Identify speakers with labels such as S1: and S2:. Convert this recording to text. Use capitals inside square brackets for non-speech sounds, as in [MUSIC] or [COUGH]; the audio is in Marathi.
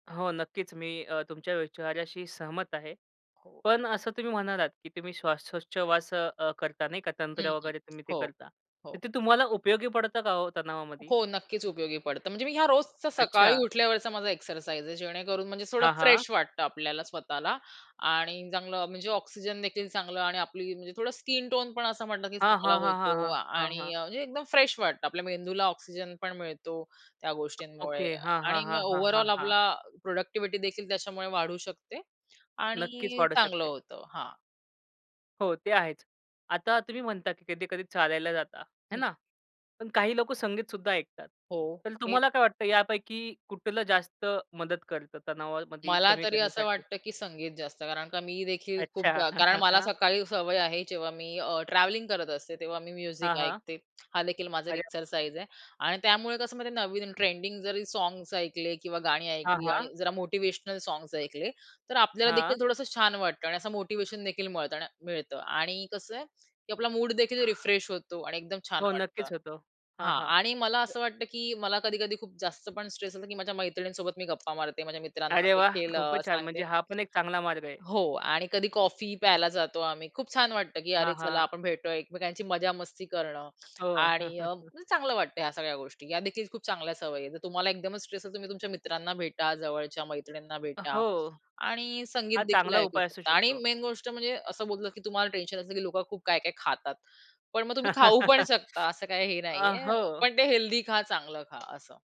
S1: हो, नक्कीच, मी अ, तुमच्या विचाऱ्याशी सहमत आहे.
S2: हो.
S1: पण असं तुम्ही म्हणालात की तुम्ही श्वासोच्छवास अ, करता नाही का
S2: हं,
S1: तंत्र
S2: हं.
S1: वगैरे तुम्ही ते
S2: हो,
S1: करता. तर
S2: हो.
S1: ते तुम्हाला उपयोगी पडतं का हो तणावामध्ये?
S2: हो, नक्कीच उपयोगी पडतं. म्हणजे मी ह्या रोजचा सकाळी
S1: अच्छा.
S2: उठल्यावरचा माझा एक्सरसाइज आहे जेणेकरून म्हणजे थोडं
S1: हां, हां.
S2: फ्रेश वाटतं आपल्याला स्वतःला आणि चांगलं म्हणजे ऑक्सिजनदेखील चांगलं आणि आपली म्हणजे थोडं स्किन टोन पण असं म्हणलं की
S1: हां,
S2: चांगला
S1: हां, हां, हां,
S2: होतो
S1: हां, हां,
S2: आणि
S1: हां.
S2: म्हणजे एकदम फ्रेश वाटतं. आपल्या मेंदूला ऑक्सिजन पण मिळतो त्या गोष्टींमुळे
S1: ओके, हां, हां,
S2: आणि मग
S1: हां, हां, हां,
S2: ओव्हरऑल
S1: हां.
S2: आपला प्रॉडक्टिव्हिटी देखील त्याच्यामुळे वाढू शकते
S1: नक्कीच
S2: आणि
S1: वाढू
S2: चांगलं
S1: शकते.
S2: होतं, हां.
S1: हो, ते आहेच. आता तुम्ही म्हणता की कधी-कधी चालायला जाता आहे
S2: हं.
S1: ना, पण काही लोकं संगीत सुद्धा ऐकतात.
S2: हो,
S1: तर
S2: हे
S1: तुम्हाला काय वाटतं यापैकी कुठलं जास्त मदत करतं तणावामध्ये
S2: मला
S1: कमी
S2: तरी असं
S1: करण्यासाठी?
S2: वाटतं, की संगीत जास्त कारण का मी देखील खूप
S1: अच्छा.
S2: जा कारण मला
S1: [CHUCKLES]
S2: सकाळी सवय आहे जेव्हा मी अ, ट्रॅव्हलिंग करत असते तेव्हा मी म्युझिक
S1: हां, हां.
S2: ऐकते. हा देखील माझा एक
S1: अरे वाह!
S2: एक्सरसाइज आहे आणि त्यामुळे कसं म्हणजे नवीन ट्रेंडिंग जरी सॉंग्स ऐकले किंवा गाणी
S1: हां,
S2: ऐकली
S1: हां.
S2: आणि जरा मोटिव्हेशनल सॉंग्स ऐकले. तर आपल्याला
S1: हां.
S2: देखील थोडंसं छान वाटतं आणि असं मोटिव्हेशन देखील मिळत मिळतं आणि कसं आहे, की आपला मूडदेखील रिफ्रेश होतो आणि एकदम छान
S1: हो,
S2: वाटतं.
S1: नक्कीच होतो. हां,
S2: हां
S1: हां.
S2: आणि मला
S1: अ
S2: असं वाटतं की मला कधी-कधी खूप जास्त पण स्ट्रेस असतो की माझ्या मैत्रिणींसोबत मी गप्पा मारते. माझ्या मित्रांना
S1: अरे, वाह!
S2: देखील
S1: खूपच छान
S2: सांगते
S1: म्हणजे हा पण एक चांगला मार्ग आहे.
S2: अ, हो आणि कधी कॉफी प्यायला जातो आम्ही खूप छान वाटतं की
S1: हां,
S2: अरे चला
S1: हां.
S2: आपण भेटतोय एकमेकांची मजा मस्ती करणं
S1: हो.
S2: आणि अ,
S1: [CHUCKLES]
S2: चांगलं वाटतं ह्या सगळ्या गोष्टी. ह्या देखील खूप चांगल्या सवयी आहेत. जर तुम्हाला एकदमच स्ट्रेस आहे तुम्ही तुमच्या मित्रांना भेटा, जवळच्या मैत्रिणींना
S1: अ,
S2: भेटा
S1: हो,
S2: आणि
S1: हा
S2: संगीतदेखील
S1: चांगला
S2: ऐकू
S1: उपाय असू
S2: शकता आणि
S1: शकतो.
S2: मेन गोष्ट म्हणजे असं बोललं की तुम्हाला टेन्शन असतं की लोकं खूप काय-काय खातात. पण मग तुम्ही खाऊ पण
S1: [CHUCKLES]
S2: शकता, असं काही हे
S1: अ,
S2: नाहीये.
S1: हो.
S2: पण ते हेल्दी खा चांगलं खा असं.